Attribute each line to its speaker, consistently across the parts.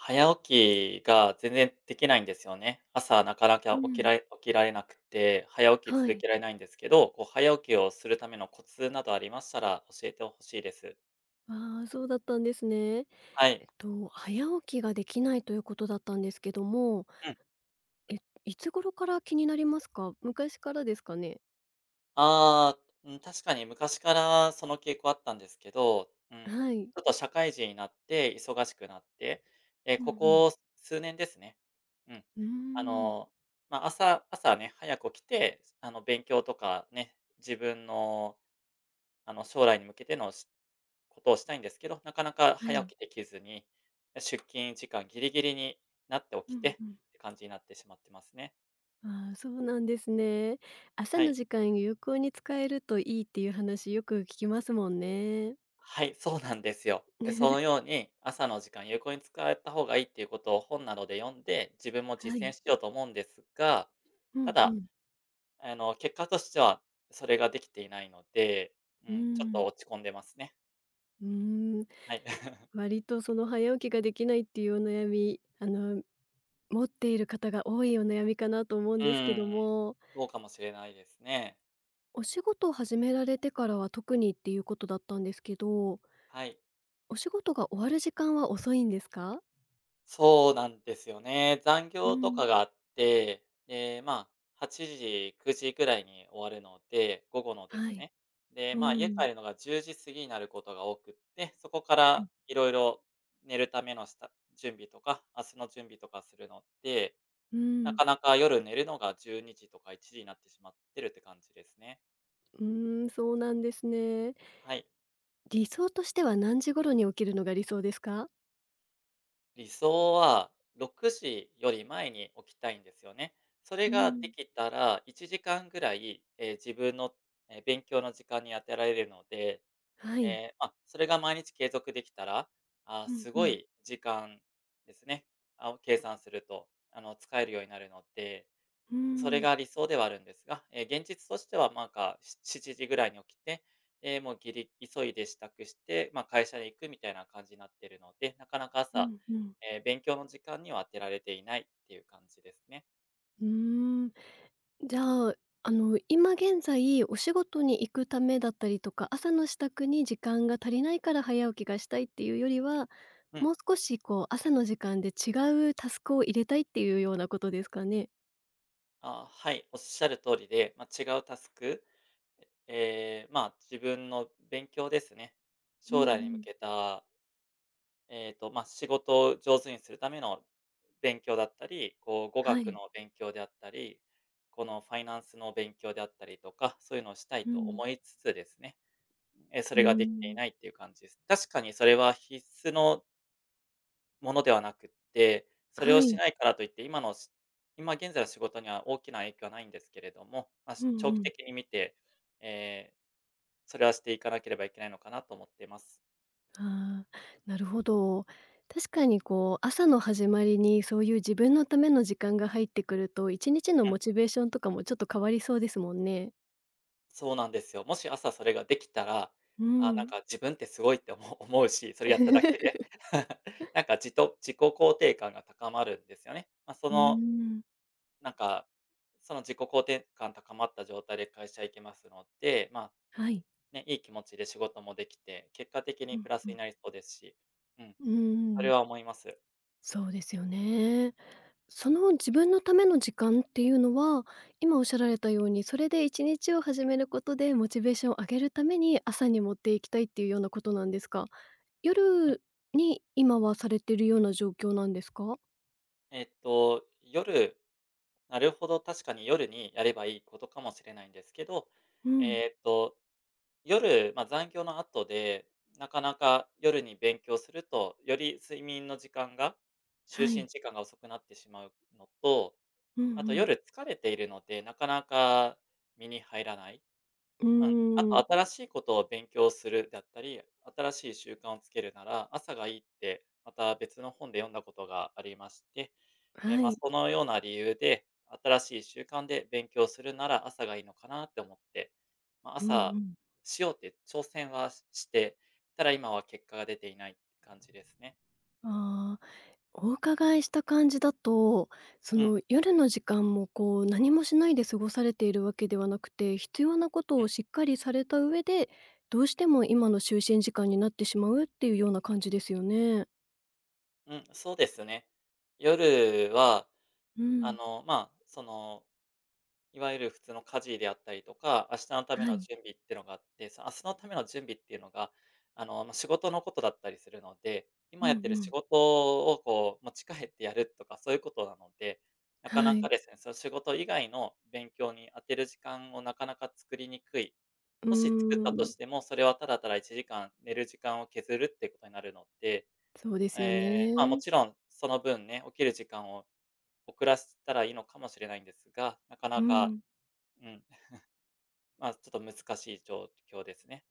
Speaker 1: 早起きが全然できないんですよね。朝なかなき
Speaker 2: う
Speaker 1: ゃ、起き
Speaker 2: ん。
Speaker 1: られ起きられなくて、早起き
Speaker 2: は
Speaker 1: 続
Speaker 2: い。
Speaker 1: けられないんですけど、こう、早起きをするためのコツなどありましたら、教えてほしいです。
Speaker 2: ああ、そうだったんですね。
Speaker 1: はい。
Speaker 2: えっと、早起きができないということだったんですけども
Speaker 1: うん。
Speaker 2: え、いつ頃から気になりますか？昔からですかね？
Speaker 1: ああ、うん、確かに昔からその傾向あったんですけど、うん。
Speaker 2: はい。
Speaker 1: ちょっと社会人になって、忙しくなって、え、
Speaker 2: うんう
Speaker 1: こ
Speaker 2: ん。
Speaker 1: こ数年ですね。うん。
Speaker 2: うー
Speaker 1: あ
Speaker 2: ん。
Speaker 1: の、まあ、朝朝ね、早く起きて、あの、勉強とかね。自分の、あの、将来に向けてのしことをしたいんですけど、なかなか
Speaker 2: は
Speaker 1: 早
Speaker 2: い。
Speaker 1: 起きできずに、出勤時間ぎりぎりになって
Speaker 2: う
Speaker 1: 起きて
Speaker 2: ん
Speaker 1: っ
Speaker 2: うん。
Speaker 1: て感じになってしまってますね。
Speaker 2: ああ、そうなんですね。朝
Speaker 1: は
Speaker 2: の
Speaker 1: い。
Speaker 2: 時間、有効に使えるといいっていう話よく聞きますもんね。
Speaker 1: はい、そうなんですよ。で、そ のように朝の時間、有効に使えた方がいいっていうことを本などで読んで、自分も
Speaker 2: は
Speaker 1: 実
Speaker 2: い。
Speaker 1: 践しようと思うんですが、
Speaker 2: う
Speaker 1: た
Speaker 2: んう
Speaker 1: だ、
Speaker 2: ん。
Speaker 1: あの、結果としては、それができていないので、う
Speaker 2: うー
Speaker 1: ーん、ちょっと
Speaker 2: ん。
Speaker 1: 落ち込んでますね。
Speaker 2: うーん。
Speaker 1: はい。
Speaker 2: 割とその早起きが出来ないっていうお悩み、あの持っている方が多いお悩みかなと思うん
Speaker 1: う
Speaker 2: ですけど
Speaker 1: ん。
Speaker 2: も。
Speaker 1: そうかもしれないですね。
Speaker 2: お仕事を始められてからは特にっていうことだったんですけど。
Speaker 1: はい。
Speaker 2: お仕事が終わる時間は遅いんですか？
Speaker 1: そうなんですよね。残
Speaker 2: う
Speaker 1: 業とか
Speaker 2: ん。
Speaker 1: があって、ええ、まあ、8時、9時ぐらいに終わるので、午後ので
Speaker 2: は
Speaker 1: す
Speaker 2: い。
Speaker 1: ね。で、
Speaker 2: う
Speaker 1: まあ、家
Speaker 2: ん。
Speaker 1: 帰るのが10時過ぎになることが多くって、そこか
Speaker 2: は
Speaker 1: ら
Speaker 2: い。
Speaker 1: いろいろ、寝るための下準備とか、明日の準備とかするので、
Speaker 2: う
Speaker 1: な
Speaker 2: ん。
Speaker 1: かなか夜寝るのが12時とか1時になってしまってるって感じですね。
Speaker 2: うーん、そうなんですね。
Speaker 1: はい。
Speaker 2: 理想としては何時頃に起きるのが理想ですか？
Speaker 1: 理想は6時より前に起きたいんですよね。それ
Speaker 2: う
Speaker 1: がで
Speaker 2: ん。
Speaker 1: きたら1時間ぐらい、ええ、自分の、ええ、勉強の時間に当てられるので、
Speaker 2: は
Speaker 1: え
Speaker 2: い。
Speaker 1: えあっ、それが毎日継続できたら、ああ、
Speaker 2: うん、
Speaker 1: す
Speaker 2: う
Speaker 1: ご
Speaker 2: ん。
Speaker 1: い時間ですね。あう、計算すると、あの、使えるようになるので、
Speaker 2: うー
Speaker 1: それ
Speaker 2: ん。
Speaker 1: が理想ではあるんですが。ええ、現実としてはまんか7時ぐらいに起きて、ええ、もうぎり急いで支度して、まあ、会社へ行くみたいな感じなってるので、なかなか
Speaker 2: う
Speaker 1: 朝、
Speaker 2: ん、うん。
Speaker 1: ええ、勉強の時間には当てられていないっていう感じですね。
Speaker 2: うーん。じゃあ、あの、今現在、お仕事に行くためだったりとか、朝の支度に時間が足りないから早起きがしたいっていうよりは、
Speaker 1: うん。
Speaker 2: もう少しこう朝の時間で違うタスクを入れたいっていうようなことですかね？
Speaker 1: ああ、はい、おっしゃる通りで、ま、違うタスク、えええ、まあ、自分の勉強ですね。
Speaker 2: う
Speaker 1: 将
Speaker 2: ん
Speaker 1: 来に
Speaker 2: う
Speaker 1: 向
Speaker 2: ん。
Speaker 1: けたえっと、ま、仕事を上手にするための勉強だったり、こう語
Speaker 2: は
Speaker 1: 学
Speaker 2: い。
Speaker 1: の勉強であったり、このファイナンスの勉強であったりとか、そういうのをしたい
Speaker 2: う
Speaker 1: と
Speaker 2: ん。
Speaker 1: 思いつつですね、え、そ
Speaker 2: うー
Speaker 1: れができてい
Speaker 2: ん。
Speaker 1: ないっていう感じです。確かにそれは必須のものではなくって、それ
Speaker 2: は
Speaker 1: をし
Speaker 2: い。
Speaker 1: ないからといって今のし今現在の仕事には大きな影響はないんですけれども、ま、
Speaker 2: う
Speaker 1: し
Speaker 2: ん
Speaker 1: 長
Speaker 2: う
Speaker 1: 期
Speaker 2: ん。
Speaker 1: 的に見て、ええ、それはしていかなければいけないのかなと思ってます。
Speaker 2: ああ、なるほど。確かにこう、朝の始まりにそういう自分のための時間が入ってくると、1日の
Speaker 1: うん。
Speaker 2: モチベーションとかもちょっと変わりそうですもんね。
Speaker 1: そうなんですよ。もし朝それができたら、
Speaker 2: うー
Speaker 1: あ、なん
Speaker 2: ん。
Speaker 1: か自分ってすごいって思思うし、それやっただけで。なんかじと自己肯定感が高まるんですよね。ま、そ
Speaker 2: うー
Speaker 1: の
Speaker 2: ん。
Speaker 1: なんか、その自己肯定感高まった状態で会社行けますので、ま、
Speaker 2: はい。
Speaker 1: ね、いい気持ちで仕事もできて、結果的
Speaker 2: う
Speaker 1: に
Speaker 2: ん
Speaker 1: プラス
Speaker 2: う
Speaker 1: に
Speaker 2: ん。
Speaker 1: なりそうですし。うん、
Speaker 2: う
Speaker 1: そ
Speaker 2: ー
Speaker 1: れ
Speaker 2: ん。
Speaker 1: は思います。
Speaker 2: そうですよね。その、自分のための時間っていうのは、今おっしゃられたように、それで1日を始めることでモチベーションを上げるために、朝に持っていきたいっていうようなことなんですか？
Speaker 1: うん。
Speaker 2: 夜に今はされてるような状況なんですか？
Speaker 1: えっと、夜なるほど、確かに夜にやればいいことかもしれないんですけど、
Speaker 2: うん。
Speaker 1: えっと、夜、ま、残業の後で、なかなか夜に勉強すると、より睡眠の時間が就
Speaker 2: は
Speaker 1: 寝
Speaker 2: い。
Speaker 1: 時間が遅くなってしまうのと、
Speaker 2: うん
Speaker 1: あと
Speaker 2: うん。
Speaker 1: 夜疲れているので、なかなか身に入らない。
Speaker 2: う
Speaker 1: うん。あ
Speaker 2: ーん。
Speaker 1: と新しいことを勉強するだったり、新しい習慣をつけるなら、朝がいいって、また別の本で読んだことがありまして、え、
Speaker 2: は
Speaker 1: ま、
Speaker 2: い。
Speaker 1: そのような理由で、新しい習慣で勉強するなら、朝がいいのかなって思って、ま、
Speaker 2: うん
Speaker 1: 朝、
Speaker 2: うん。
Speaker 1: しようって挑戦はしして、ただ今は結果が出ていない感じですね。
Speaker 2: ああ。お伺いした感じだと、そ
Speaker 1: うん。
Speaker 2: の、夜の時間も、こう、何もしないで過ごされているわけではなくて、必要なこと
Speaker 1: う
Speaker 2: を
Speaker 1: ん。
Speaker 2: しっかりされた上で、どうしても今の就寝時間になってしまうっていうような感じですよね。
Speaker 1: うん、そうですよね。夜は、
Speaker 2: う
Speaker 1: あ
Speaker 2: ん。
Speaker 1: の、まあ、その、いわゆる普通の家事であったりとか、明日の為
Speaker 2: は
Speaker 1: の
Speaker 2: い。
Speaker 1: 準備ってのがあって。明日の為の準備っていうのが、あの、まあ、仕事の事だったりするので、
Speaker 2: う
Speaker 1: 今
Speaker 2: ん
Speaker 1: やってる
Speaker 2: う
Speaker 1: 仕
Speaker 2: ん。
Speaker 1: 事を、こう、持ち帰ってやるとか、そう言う事なので、なか
Speaker 2: は
Speaker 1: なか
Speaker 2: い。
Speaker 1: ですね、その、仕事以外の勉強に当てる時間を、なかなか作りにくい。
Speaker 2: うー
Speaker 1: もし作ったと
Speaker 2: ん。
Speaker 1: しても、それは、ただ、ただ1時間寝る時間を削るって言う事になるので、
Speaker 2: そうです
Speaker 1: え
Speaker 2: よ
Speaker 1: え、まあ、
Speaker 2: ね。
Speaker 1: 勿論その分ね、起きる時間を遅らしたら、いいのかもしれないんですが、なかな
Speaker 2: う
Speaker 1: か、
Speaker 2: ん。
Speaker 1: うん、まあ、ちょっと難しい状況ですね。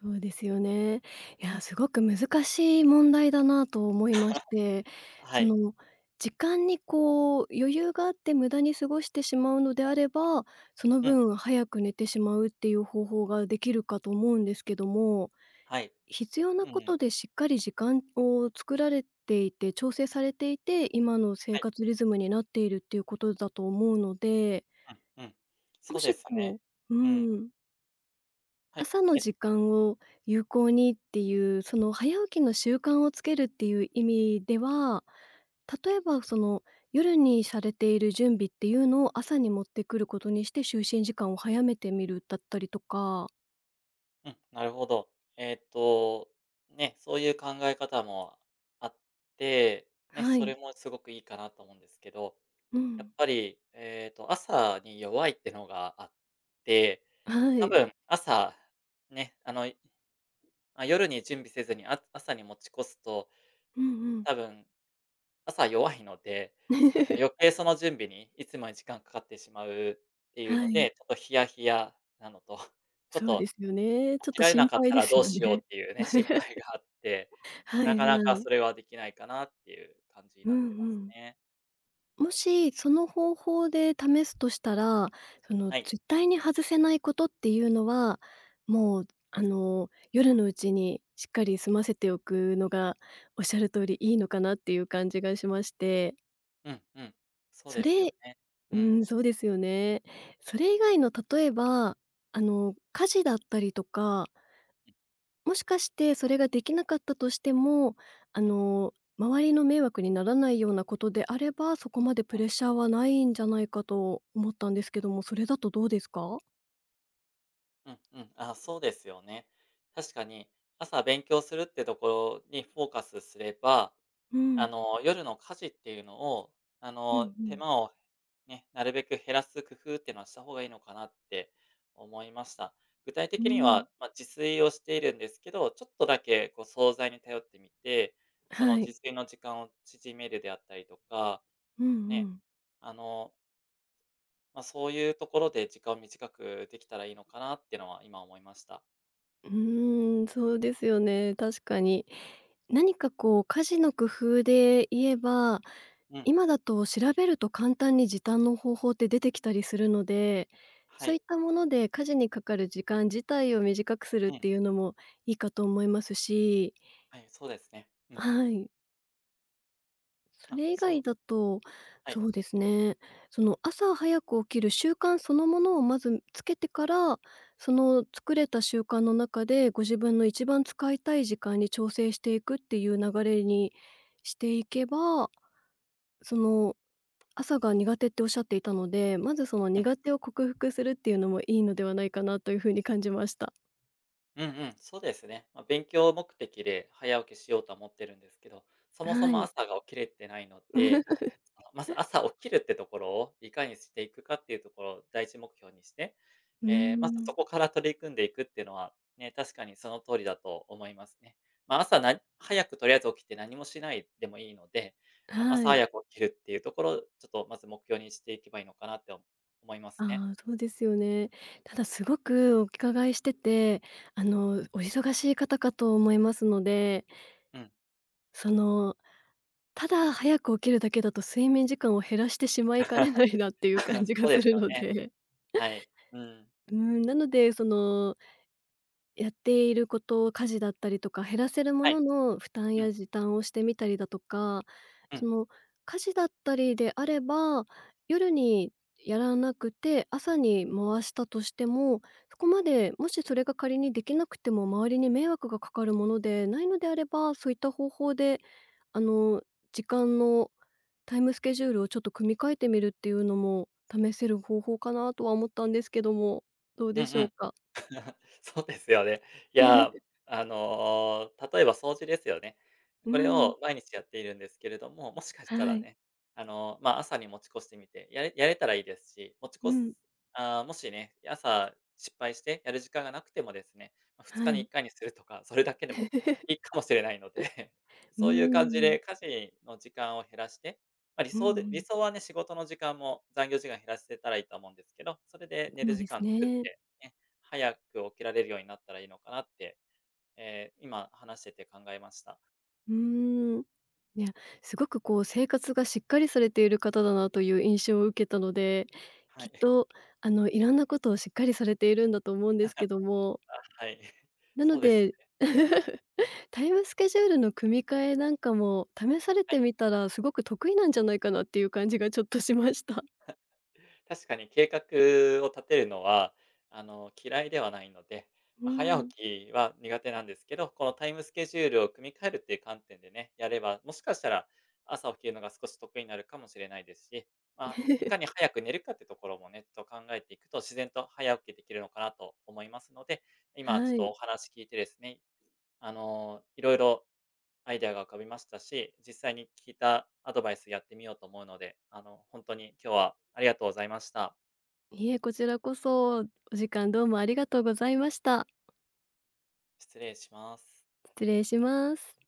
Speaker 2: そうですよね。いや、凄く難しい問題だなと思いまして。
Speaker 1: は
Speaker 2: そ
Speaker 1: い。
Speaker 2: の、時間に、こう、余裕があって、無駄に過ごしてしまうのであれば、その
Speaker 1: うん。
Speaker 2: 分、早く寝てしまうっていう方法が出来るかと思うんですけども、
Speaker 1: はい。
Speaker 2: 必要
Speaker 1: う
Speaker 2: な
Speaker 1: んうん。
Speaker 2: 事で、しっかり時間を作られていて、調整されていて、今の生
Speaker 1: はい。
Speaker 2: 活リズムになっているっていう事だと思うので。
Speaker 1: うんうん。
Speaker 2: も
Speaker 1: そうで
Speaker 2: し、
Speaker 1: すね、
Speaker 2: こうう
Speaker 1: うん。
Speaker 2: ーん。
Speaker 1: はい。
Speaker 2: 朝の
Speaker 1: え。
Speaker 2: 時間を有効にっていう、その早起きの習慣をつけるっていう意味では、例えば、その、夜にされている準備っていうのを、朝に持ってくることにして、就寝時間を早めてみるだったりとか。
Speaker 1: うん、なるほど。えっと、ね、そういう考え方もあって、ね、
Speaker 2: は
Speaker 1: それ
Speaker 2: い。
Speaker 1: もすごくいいかなと思うんですけど、
Speaker 2: う
Speaker 1: や
Speaker 2: ん。
Speaker 1: っぱり、ええと、朝に弱いってのがあって、
Speaker 2: は
Speaker 1: 多
Speaker 2: い。
Speaker 1: 分、朝、ね、あのいあ、夜に準備せずに、あ朝に持ち越すと、
Speaker 2: うんうん。
Speaker 1: 多分、朝弱いので、なんか 余計その準備にいつもより時間掛かってしまうっていう
Speaker 2: は
Speaker 1: の
Speaker 2: い。
Speaker 1: で、ちょっとヒヤヒヤなのと、ちょっ
Speaker 2: そうで
Speaker 1: と、
Speaker 2: すよね。ちょっ
Speaker 1: 起き
Speaker 2: と
Speaker 1: られな
Speaker 2: 心
Speaker 1: かっ
Speaker 2: 配
Speaker 1: た
Speaker 2: で
Speaker 1: ら
Speaker 2: す
Speaker 1: どう
Speaker 2: よ
Speaker 1: しよう
Speaker 2: ね。
Speaker 1: っていうね、心 配があって、
Speaker 2: は
Speaker 1: な
Speaker 2: い
Speaker 1: か
Speaker 2: は
Speaker 1: なか
Speaker 2: い。
Speaker 1: それは、出来ないかなっていう感じに
Speaker 2: う
Speaker 1: な
Speaker 2: ん
Speaker 1: ってま
Speaker 2: う
Speaker 1: す
Speaker 2: ん。
Speaker 1: ね。
Speaker 2: もし、その方法で試すとしたら、その、
Speaker 1: はい。
Speaker 2: 絶対に外せないことっていうのは、もう、あの、夜のうちにしっかり済ませておくのが、おっしゃる通りいいのかなっていう感じがしまして。
Speaker 1: うん、うん、そう
Speaker 2: そ
Speaker 1: ですよ
Speaker 2: れ
Speaker 1: ね、
Speaker 2: う
Speaker 1: うん。
Speaker 2: ん、そうですよね。それ以外の例えば、あの、家事だったりとか
Speaker 1: うん。
Speaker 2: もしかして、それができなかったとしても、あ
Speaker 1: うん。
Speaker 2: の、周りの迷惑にならないようなことであれば、そこまでプ
Speaker 1: う
Speaker 2: レ
Speaker 1: ん。
Speaker 2: ッシャーはないんじゃないかと思ったんですけども、それだとどうですか？
Speaker 1: うん、うん、ああ、そうですよね。確かに、朝勉強するってところにフォーカスすれば、
Speaker 2: う
Speaker 1: あ
Speaker 2: ん。
Speaker 1: の、夜の家事っていうのを、あ
Speaker 2: うん
Speaker 1: の、
Speaker 2: う
Speaker 1: 手
Speaker 2: ん。
Speaker 1: 間を、ね、なるべく減らす工夫ってのはした方がいいのかなって、思いました。具体
Speaker 2: うー
Speaker 1: 的には、
Speaker 2: ん。
Speaker 1: ま、自炊をしているんですけど、ちょっとだけこう惣菜に頼ってみて、その、
Speaker 2: は
Speaker 1: 自
Speaker 2: い。
Speaker 1: 炊の時間を縮めるであったりとか、
Speaker 2: うんう
Speaker 1: ね、
Speaker 2: ん。
Speaker 1: あのま、そういうところで時間短くできたらいいのかなってのは、今思いました。
Speaker 2: うーん、そうですよね、確かに。何かこう家事の工夫で言えば、
Speaker 1: うん。
Speaker 2: 今だと調べると簡単に時短の方法って出てきたりするので、
Speaker 1: は
Speaker 2: そうい
Speaker 1: い。
Speaker 2: ったもので家事にかかる時間自体を短くするっ
Speaker 1: うん。
Speaker 2: ていうのもいいかと思いますし。
Speaker 1: はい、そうですね、うん。
Speaker 2: はい。そ
Speaker 1: あ、
Speaker 2: れ以
Speaker 1: そう
Speaker 2: 外だと、
Speaker 1: はい。
Speaker 2: そうですね、その、朝早く起きる習慣そのものをまずつけてから、その、作れた習慣の中で、ご自分の一番使いたい時間に、調整していくっていう流れにしていけば、その、朝が苦手っておっしゃっていたので、まずその、
Speaker 1: うん。
Speaker 2: 苦手を克服するっていうのもいいのではないかなという風に感じました。
Speaker 1: うんうん。そうですね。ま、勉強目的で早起きしようとは思ってるんですけど、そもそ
Speaker 2: は
Speaker 1: も
Speaker 2: い。
Speaker 1: 朝が起きれてないので、その、まず、朝起きるってところを、いかにしていくかっていうところを第一目標にして、
Speaker 2: う
Speaker 1: ええ、まず、そ
Speaker 2: ん。
Speaker 1: こから取り組んでいくっていうのは、ね、確かにその通りだと思いますね。ま、朝
Speaker 2: う
Speaker 1: な
Speaker 2: ん。
Speaker 1: 早くとりあえず起きて何もしないでもいいので、あ
Speaker 2: は
Speaker 1: 朝
Speaker 2: い。
Speaker 1: 早く起きるっていうところを、ちょっとまず、目標にしていけばいいのかなって思いますね。
Speaker 2: ああ、そうですよね。ただ、すごくお伺いしてて、あの、お忙しい方かと思いますので
Speaker 1: うん。
Speaker 2: その、ただ早く起きるだけだと、睡眠時間を減らしてしまいかねないなっていう 感じが
Speaker 1: そうで
Speaker 2: す
Speaker 1: す
Speaker 2: る
Speaker 1: よ
Speaker 2: の
Speaker 1: ね。
Speaker 2: で
Speaker 1: はい。うん。
Speaker 2: うん、なので、そのやっていること、家事だったりとか、減らせるも
Speaker 1: は
Speaker 2: の
Speaker 1: い。
Speaker 2: の負担
Speaker 1: う
Speaker 2: や
Speaker 1: ん。
Speaker 2: 時短をしてみたりだとか、
Speaker 1: う
Speaker 2: そ
Speaker 1: ん。
Speaker 2: の、家事だったりであれば、夜にやらなくて朝に回したとしても、そこまで、もし、それが仮にできなくても、周りに迷惑がかかるものでないのであれば、そういった方法で、あの、時間の、タイムスケジュールをちょっと組み替えてみるっていうのも試せる方法かなとは思ったんですけども、どう
Speaker 1: うん
Speaker 2: でし
Speaker 1: う
Speaker 2: ょう
Speaker 1: ん。
Speaker 2: か？
Speaker 1: そうですよね。いや、あの、例えば、掃除ですよね。
Speaker 2: う
Speaker 1: これ
Speaker 2: ん。
Speaker 1: を毎日やっているんですけれども、もしかした
Speaker 2: は
Speaker 1: ら
Speaker 2: い。
Speaker 1: ね、あの、ま、朝に持ち越してみて、やれやれたらいいですし、持ち
Speaker 2: う
Speaker 1: 越す
Speaker 2: ん。
Speaker 1: あ、もしね、朝、失敗して、やる時間がなくてもですね、ま、ふつ
Speaker 2: は
Speaker 1: かにい
Speaker 2: い。
Speaker 1: っかいにするとか、それだけでも、い いかもしれないので、
Speaker 2: う
Speaker 1: そういう感じ
Speaker 2: ん。
Speaker 1: で家事の時間を減らして、ま、理
Speaker 2: うんう
Speaker 1: 想で理
Speaker 2: ん。
Speaker 1: 想はね、仕事の時間も、残業時間減らせたらいいと思うんですけど、それで寝
Speaker 2: そ
Speaker 1: る
Speaker 2: う
Speaker 1: 時
Speaker 2: です
Speaker 1: 間作っ
Speaker 2: ね。
Speaker 1: て、ね、早く起きられるようになったらいいのかなって、ええ、今、話してて考えました。
Speaker 2: うーん、いや、すごくこう、生活がしっかりされている方だなという印象を受けたので、
Speaker 1: は
Speaker 2: きっ
Speaker 1: い。
Speaker 2: とあの、いろんなことをしっかりされているんだと思うんで すけども
Speaker 1: あ、はい、
Speaker 2: なの
Speaker 1: そうですよ
Speaker 2: で、
Speaker 1: ね。うん。
Speaker 2: タイムスケジュールの組み替えなんかも、試され
Speaker 1: は
Speaker 2: て
Speaker 1: い。
Speaker 2: みたら、すごく得意なんじゃないかなっていう感じがちょっとしました。
Speaker 1: 確かに計画を立てるのは、あの、嫌いではないので、
Speaker 2: う
Speaker 1: ま、早
Speaker 2: ん。
Speaker 1: 起きは苦手なんですけど、このタイムスケジュールを組み替えるっていう観点でね、やれば、もしかしたら、朝起きるのが少し得意になるかもしれないですし、ま、いか に早く寝るかってところもね、ちょっと考えていくと、自然と早起きできるのかなと思いますので、今ちょ
Speaker 2: は
Speaker 1: っと、
Speaker 2: い。
Speaker 1: お話聞いてですね、あの、いろいろ、アイディアが浮かびましたし、実際に、聞いたアドバイスやってみようと思うので、あの、ほんとに、今日はありがとうございました。
Speaker 2: いえ、こちらこそ、お時間どうもありがとうございました。
Speaker 1: 失礼します。
Speaker 2: 失礼します。